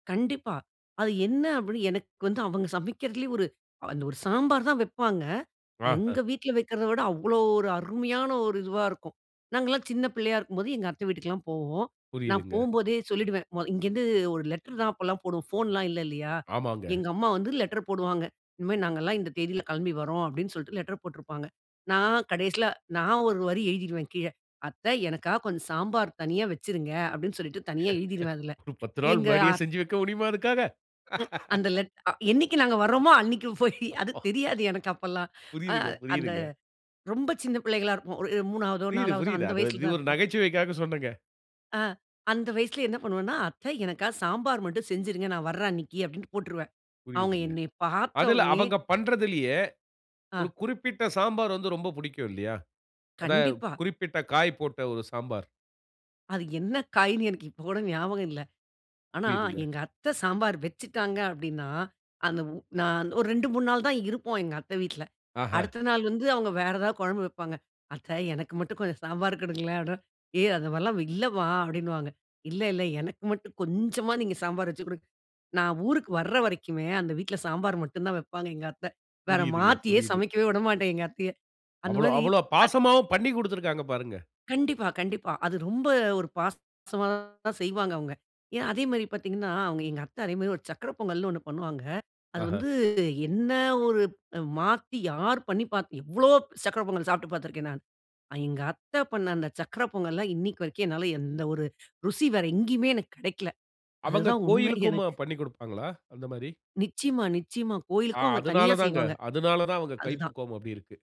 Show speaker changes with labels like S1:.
S1: கண்டிப்பா, அது என்ன அப்படின்னு எனக்கு வந்து, அவங்க சமைக்கிறதுலேயே ஒரு அந்த ஒரு சாம்பார் தான் வைப்பாங்க,
S2: ஆஹா!
S1: எங்க வீட்ல வைக்கிறத விட, அவ்வளோ ஒரு அருமையான ஒரு இதுவா இருக்கும், நாங்கள்லாம் சின்ன பிள்ளையா இருக்கும்போது, எங்க அத்தை வீட்டுக்குலாம் போவோம். நான்
S2: புரியுதுங்க.
S1: போகும்போதே சொல்லிடுவேன். மொ இங்கேருந்து ஒரு லெட்டர் தான் அப்போலாம் போடுவோம், ஃபோன்லாம் இல்லை, இல்லையா?
S2: ஆமாங்க.
S1: எங்க அம்மா வந்து லெட்டர் போடுவாங்க. "இனிமே நாங்கலாம் இந்த தேதியில கிளம்பி வரோம்" அப்படின்னு சொல்லிட்டு லெட்டர் போட்டிருப்பாங்க, நான் கடைசியில நான் ஒரு வரி எழுதிடுவேன் கீழ, அத்தை எனக்காக கொஞ்சம் சாம்பார் தனியா வச்சுருங்க அப்படின்னு சொல்லிட்டு தனியா எழுதிருவேன், அதில.
S2: ஒரு 10 நாள்
S1: எங்க
S2: முன்னாடியே செஞ்சு வைக்க முடியுமா, அதுக்காக?
S1: அந்த லெட் என்னைக்கு நாங்க வரோமோ, அன்னைக்கு போயி அது தெரியாது எனக்கு அப்பெல்லாம். அ
S2: புரியுதுங்க
S1: அந்த,
S2: புரியுதுங்க.
S1: ரொம்ப சின்ன பிள்ளைகளா இருப்போம், ஒரு மூணாவதோ
S2: புரியுது,
S1: நாலாவதோ
S2: புரியுது.
S1: அந்த
S2: அது ஒரு
S1: வயசுல
S2: இது
S1: தான்
S2: இரு
S1: இருப்போம்.
S2: நகைச்சுவைக்காக சொன்னேங்க.
S1: ஆ அந்த வயசில என்ன பண்ணுவேனா, "அத்தை எனக்காக சாம்பார் மட்டும் செஞ்சிருங்க, நான் வர்ற அன்னைக்கு" அப்படினு போட்டுருவேன். அவங்க
S2: புரியுதுங்க.
S1: என்னைய பார்த்த
S2: அதில
S1: உடனேயே
S2: அவங்க பண்ணுறதிலேயே, ஒரு
S1: ஆ.
S2: குறிப்பிட்ட சாம்பார் வந்து ரொம்ப பிடிக்கும், இல்லையா? அதான்
S1: கண்டிப்பா.
S2: குறிப்பிட்ட காய் போட்ட ஒரு சாம்பார்.
S1: அது என்ன காய்ன்னு எனக்கு இப்ப கூட ஞாபகம் இல்ல. ஆனா,
S2: புரியுதுங்க.
S1: எங்க அத்தை சாம்பார் வச்சுட்டாங்க. அப்படின்னா, அந்த நான் ஒரு 2, 3 நாள் தான் இருப்போம், எங்க அத்தை வீட்டில.
S2: ஆஹா!
S1: அடுத்த நாள் வந்து, அவுங்க வேற ஏதாவது குழம்பு வைப்பாங்க, "அத்தை எனக்கு மட்டும் கொஞ்சம் சாம்பார் குடுங்களேன்." அப்படின்ற "ஏய்! அந்த மாரிலாம் இல்லைமா." அப்படின்னுவாங்க. "இல்ல, இல்ல. எனக்கு மட்டும் கொஞ்சமா நீங்க சாம்பார் வச்சு குடுங்க." நான் ஊருக்கு வர்ற வரைக்குமே அந்த வீட்ல சாம்பார் மட்டும் தான் வைப்பாங்க, எங்க அத்தை. வேற
S2: புரியுதுங்க
S1: மாத்தியே
S2: புரியுது.
S1: சமைக்க விடமாட்டேன், எங்க அத்தையை. அந்த
S2: அவ்வளோ
S1: மாதிரி
S2: அவ்வளோ
S1: அத்
S2: பாசமாவும் பண்ணி குடுத்திருக்காங்க, பாருங்க.
S1: கண்டிப்பா, கண்டிப்பா, அது ரொம்ப ஒரு பாசமாதான் செய்வாங்க, அவுங்க. ஏன்? அதே மாரி பார்த்தீங்கனா, எங்க அத்தை அதே மாரி ஒரு சர்க்கரை பொங்கல்னு ஒண்ணு பண்ணுவாங்க, அது
S2: ஆஹா!
S1: வந்து என்ன ஒரு அ மாத்தி யார் பண்ணிபாத்து எவ்வளோ சர்க்கரை பொங்கல் சாப்பிட்டு பார்த்து இருக்கேன், நான். எங்க அத்தை பண்ணி அந்த சக்கரை பொங்கல்லாம் இன்னைக்கு வரைக்கும் என்னால எந்த ஒரு ருசி வேறு எங்கேயுமே எனக்கு கிடைக்கல.
S2: அவங்க
S1: அதுதான் உண்மை
S2: கோவிலுக்குமா
S1: எனக்கு.
S2: பண்ணிக் குடுப்பாங்களா? அந்த மாரி.
S1: நிச்சியமா, நிச்சியமா.
S2: ஆ.
S1: கோவிலுக்கும் அவங்க தனியா
S2: அதனாலதாங்க,
S1: செய்வாங்க.
S2: அதனால் தான், அவங்க
S1: அதுதான்.
S2: கைப்பக்குவம் அப்படி இருக்கு.